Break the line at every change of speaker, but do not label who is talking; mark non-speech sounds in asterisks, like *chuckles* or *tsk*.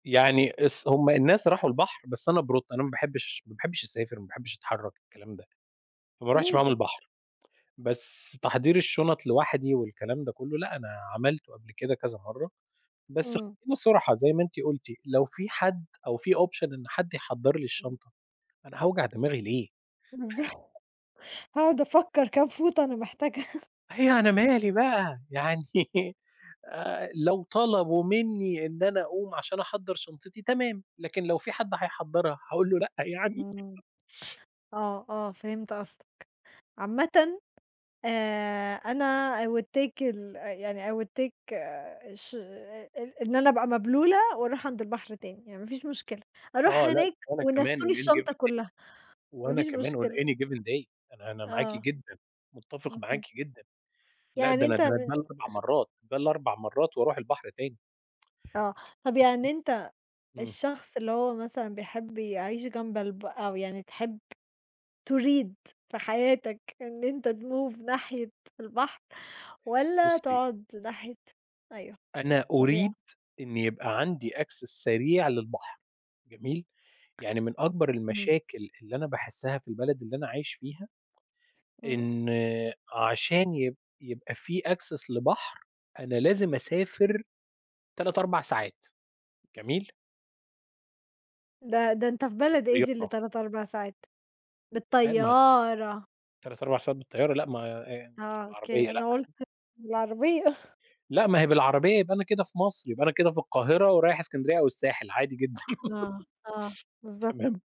يعني اس هُم الناس راحوا البحر بس أنا بروطة، أنا ما باحبش ما باحبش أسافر، ما باحبش أتحرّك، الكلام ده، فما رُحتش
ليه
معاهم
كده؟
البحر. بس تحضير الشنط لوحدي والكلام ده كله، لأ أنا عملته قبل كده كذا مرة، بس
إمم.
خلينا صُرحا زي ما أنتِ قُلتِ، لو في حد أو في Option إن حد يحضّر لي
إمم.
الشنطة، أنا هاوجع دماغي ليه؟!
إزاي، *chuckles*
*chuckles*
هاقعد أفكّر كام فوطة أنا محتاجها.
إيه، أنا مالي بقى! يعني آآ، لو طلبوا مني إن أنا أقوم عشان احضّر شنطتي تمام، لكن لو في حد هيحضّرها هاقول له لأ، يعني؟
إمم
*chuckles*
آه، آه، فهمت قصدك. عامةً آآ، أنا I will take ال يعني I will take آآ، ش إ إ إن أنا أبقى مبلولة وأرُوح عند البحر تاني، يعني ما فيش مشكلة، أرُوح
آه لأ
هناك
وأنا كمان On
ونسّوني
any
الشنطة
given day
كلها، ما
وأنا
فيش
كمان On
مشكلة.
any given day، أنا أنا معاكِ
آه.
جدًا، متفق معاكِ
اهم.
جدًا. لأ، ده
يعني
أنا
أنت م
ده أنا ده ال4
إه
مرات، ده ال4 مرات وأرُوح البحر تاني
آه،
بس
طَب يعني
أصلًا
أنت
إمم.
الشخص اللي هو مثلًا بيحب يعيش جنب الب أو يعني تحب تريد في حياتك إن أنت تMove ناحية البحر والّا
بُصي
تقعد ناحية أيوه،
أنا أريد
طبيعة.
إن يبقى عندي Access سريع للبحر، جميل، يعني من أكبر
إمم.
المشاكل اللي أنا باحسها في البلد اللي أنا عايش فيها
امم.
إن عشان يب يبقى في Access لبحر أنا لازم أسافر 3، 4 ساعات، جميل.
ده ده أنت في بلد إيه دي اللي
بالطيارة.
3، 4 ساعات؟
أيو ما ت
بالطيارة!
3، 4 ساعات بالطيارة، لأ، ما إيه
آه،
*tsk*
أوكي،
العربية لأ.
أنا قُلت بالعربية. *chuckles*
لأ ما هي بالعربية يبقى أنا كده في مصر، يبقى أنا كده في القاهرة، ورايح إسكندرية أو الساحل، عادي جدًا
آه، آه،
*giggles*
بالضبط.
تمام.